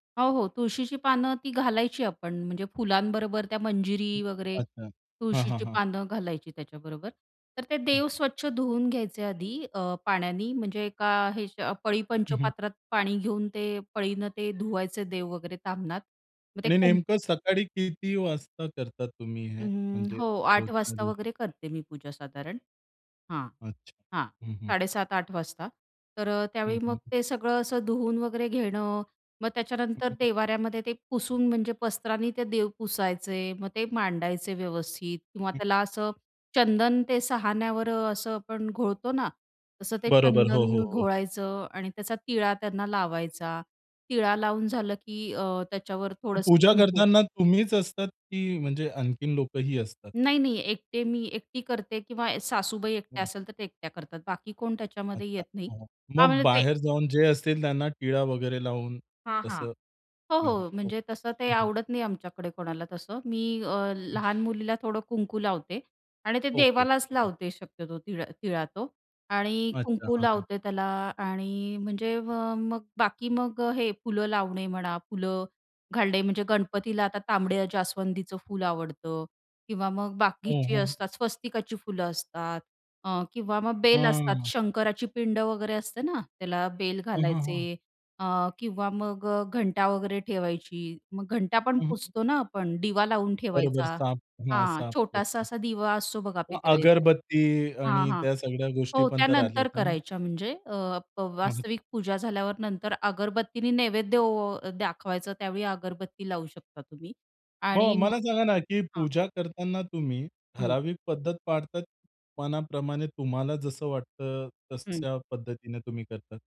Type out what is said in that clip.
हो, हो, तुळशीची पानं ती घालायची आपण म्हणजे फुलांबरोबर त्या हं, मंजिरी वगैरे, अच्छा. हां, हां, तुळशीची हां. पानं घालायची त्याच्याबरोबर. तर ते हं. देव स्वच्छ धुवून घ्यायचे आधी अ, पाण्यानी, म्हणजे एका हे ह्याच्या पळी हं, हं. पंचपात्रात पाणी घेऊन ते पळीनं ते धुवायचे देव वगैरे ताम्हनात. मग ते आणि कुंक नेमकं सकाळी किती वाजता करता तुम्ही हे, अं, म्हणजे हो, 8:00 रोजच्या वाजता रोज? वगैरे करते मी पूजा साधारण. हां. अच्छा. हां. हं, हं. 7:30-8:00 वाजता. तर अ, हं, त्यावेळी मग हं, हं. ते सगळं असं धुवून वगैरे घेणं, मग हं, त्याच्यानंतर हं. देव्हाऱ्यामध्ये ते पुसून म्हणजे वस्त्रांनी ते देव पुसायचे, मग ते मांडायचे व्यवस्थित किंवा हं. त्याला असं चंदन ते सहाणेवर असं पण घोळतो ना, तसं ते बरोबर. हो, हो, चंदन हो. घोळायचं आणि त्याचा टिळा त्यांना लावायचा. टिळा लावून झालं की अ, त्याच्यावर मग थोडंसं पूजा कुंकू. करताना तुम्हीच असतात की म्हणजे आणखीन लोकंही असतात? नाही, नाही, एकटे मी एकटी करते किंवा ए सासूबाई एकट्या हं. असेल, तर ते एकट्या करतात, बाकी कोण त्याच्यामध्ये अच्छा, येत नाही. हां. हां, मग म्हणजे ते बाहेर जाऊन जे असतील त्यांना टिळा वगैरे लावून. हां, हां. तसं, हो, हां, हां. हो, हो. म्हणजे तसं ते हं, हं. आवडत नाही आमच्याकडे कोणाला तसं. मी अ, हं. लहान मुलीला थोडं कुंकू लावते आणि ते ओके. देवालाच हं, हं. लावते शक्यतो तीळ अ, टिळा तो आणि अच्छा, कुंकू हां, हां. लावते त्याला आणि म्हणजे म मग बाकी मग अ, हे फुलं लावणे म्हणा, फुलं घालणे, म्हणजे गणपतीला आता तांबड्या जास्वंदीचं फुल आवडतं किंवा मग हं, बाकीची हं. असतात, स्वस्तिकाची फुलं असतात अ, किंवा मग बेल असतात, हं. शंकराची पिंड वगैरे असते ना त्याला बेल हं, हं, हं. घालायचे अ, किंवा मग अ, घंटा वगैरे ठेवायची. मग घंटा पण हं, हं. पुसतो ना आपण, दिवा लावून बरोबर ठेवायचा, साफ हां, हां, साफ छोटासा करतो असा दिवा असतो बघा मग पितळेचा अगरबत्ती हां, आणि हां. त्या सगळ्या गोष्टी हो, पण त्या तर आल्यात नंतर ना मग. करायच्या म्हणजे अ, प [unintelligible] वास्तविक पूजा झाल्यावर नंतर अगरबत्तीने नैवेद्य ओ दाखवायचं, त्यावेळी अगरबत्ती लावू शकता तुम्ही मग आणि मला मग सांगा ना, की हां. पूजा करताना तुम्ही हं. ठराविक पद्धत पाळतात, मनाप्रमाणे तुम्हाला जसं वाटतं, हं. तशा पद्धतीने तुम्ही करता?